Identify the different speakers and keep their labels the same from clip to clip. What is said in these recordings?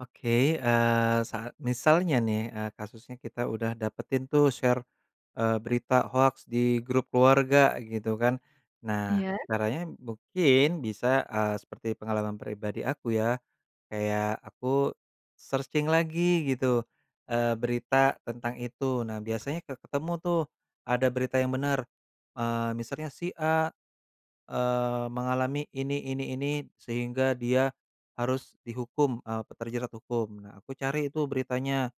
Speaker 1: Oke, eee, saat misalnya nih, eee, kasusnya kita udah dapetin tuh share, eee, berita hoaks di grup keluarga, gitu kan. Nah,
Speaker 2: Iya?
Speaker 1: caranya mungkin bisa, eee, seperti pengalaman pribadi aku ya, kayak aku searching lagi gitu, eee, berita tentang itu. Nah, biasanya ke ketemu tuh, ada berita yang benar, eee, misalnya si A, eee, mengalami ini ini ini, sehingga dia harus dihukum, eee, pe terjerat hukum. Nah, aku cari tuh beritanya,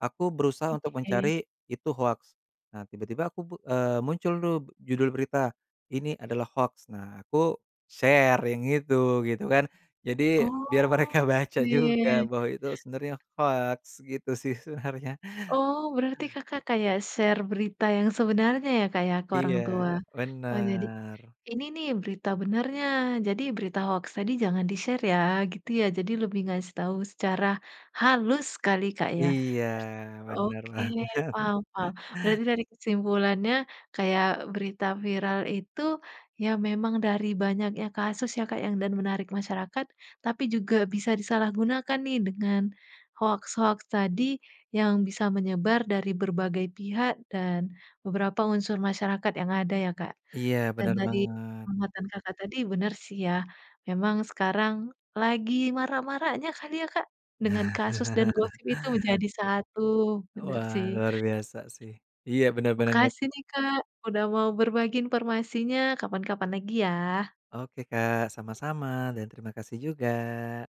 Speaker 1: aku berusaha untuk
Speaker 2: Oke.
Speaker 1: mencari itu hoaks. Nah, tiba-tiba aku bu eee, muncul tuh judul berita, "Ini adalah hoaks." Nah, aku share yang itu, gitu kan, jadi
Speaker 2: Oh,
Speaker 1: biar mereka baca
Speaker 2: iya iya
Speaker 1: juga
Speaker 2: iya.
Speaker 1: bahwa itu sebenarnya hoaks, gitu sih sebenarnya.
Speaker 2: Oh, berarti Kakak kayak share berita yang sebenarnya ya, Kak, ya, ke orang
Speaker 1: Iya,
Speaker 2: tua. Oh, jadi,
Speaker 1: bener.
Speaker 2: "Ini nih, berita benarnya, jadi berita hoaks tadi jangan di-share ya," gitu ya. Jadi, lebih ngasih tahu secara halus sekali, Kak, ya.
Speaker 1: Iya, benar
Speaker 2: Oke,
Speaker 1: banget.
Speaker 2: paham paham. Berarti dari kesimpulannya, kayak berita viral itu ya memang dari banyaknya kasus ya, Kak, ya, dan menarik masyarakat tapi juga bisa disalahgunakan nih dengan hoaks-hoaks tadi yang bisa menyebar dari berbagai pihak dan beberapa unsur masyarakat yang ada ya, Kak.
Speaker 1: Iya,
Speaker 2: Dan
Speaker 1: benar
Speaker 2: dari
Speaker 1: banget.
Speaker 2: pengamatan Kakak tadi, bener sih ya, memang sekarang lagi marak-maraknya kali ya, Kak, dengan kasus dan gosip itu jadi satu, bener
Speaker 1: Wah,
Speaker 2: sih.
Speaker 1: luar biasa sih, iya, benar-benar nge
Speaker 2: Makasih nih, Kak, udah mau berbagi informasinya, kapan-kapan lagi, ya.
Speaker 1: Oke, Kak, sama-sama, dan terima kasih juga.